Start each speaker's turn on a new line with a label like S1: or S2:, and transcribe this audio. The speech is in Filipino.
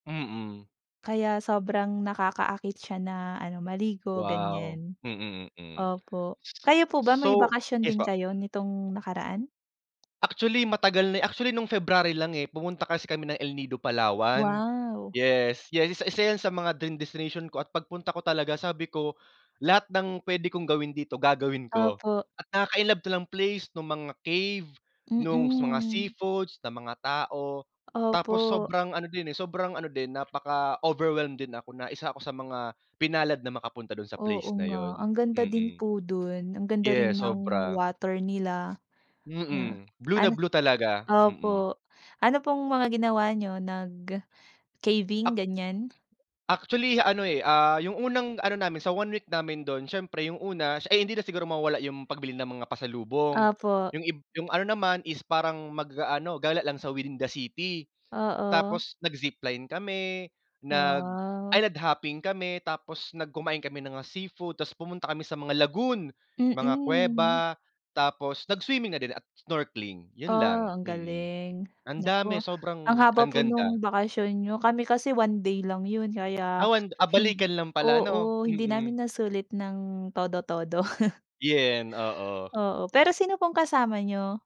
S1: Mm.
S2: Kaya sobrang nakakaakit siya na ano maligo,
S1: Wow,
S2: ganiyan.
S1: mm, mm,
S2: Opo,
S1: s
S2: kayo po ba may
S1: so
S2: bakasyon
S1: yes
S2: din
S1: po?
S2: kayo nitong nakaraan?
S1: Actually matagal na actually nung February lang, eh, pumunta kasi kami ng El Nido Palawan.
S2: Wow.
S1: Yes, yes, 1 1 yan sa mga dream destination ko at pagpunta ko talaga sabi ko, "Lahat ng puwede kong gawin dito, gagawin ko."
S2: Opo.
S1: At nakaka-inlove ta lang place, nung mga cave, nung s mga
S2: Mm.
S1: seafoods, ng mga tao.
S2: Opo.
S1: Tapos sobrang ano din, eh, sobrang ano din napaka overwhelmed din ako na 1 ako sa mga pinalad na makapunta dun sa
S2: Oo
S1: place na
S2: nga,
S1: yun.
S2: ang ganda din
S1: Mm.
S2: po dun, ang ganda rin
S1: Yes,
S2: ng
S1: sobra.
S2: water nila. Na
S1: Mm, blue na
S2: an
S1: blue talaga, mm.
S2: opo, ano pong mga ginawa niyo nag, ah, caving
S1: Ac
S2: ganiyan?
S1: actually ano, eh, ah, yung unang ano namin sa 1 week namin dun siyempre yung una sh ay hindi na siguro mawawala yung pagbili ng mga pasalubong,
S2: Opo.
S1: yung ib yung ano naman is parang mag-aano gala lang sa within the city.
S2: Oo.
S1: Tapos nag-zipline kami,
S2: Wow.
S1: nag-island hopping kami, tapos nag kumain kami ng mga seafood tapos pumunta kami sa mga lagoon, mga
S2: Mm.
S1: kuweba, tapos nag-swimming na din at snorkeling yun
S2: Ah,
S1: lang,
S2: ang
S1: mm.
S2: galing,
S1: Andami
S2: naku ang
S1: sobrang,
S2: haba
S1: ang
S2: po
S1: ganda.
S2: nung bakasyon niyo kami kasi 1 day lang yun kaya
S1: Ah, wan ah,
S2: hind
S1: balikan lang pala ano
S2: oo, hindi
S1: mm.
S2: namin nasulit ng todo-todo.
S1: Yun oo.
S2: Oo, pero sino pong kasama niyo?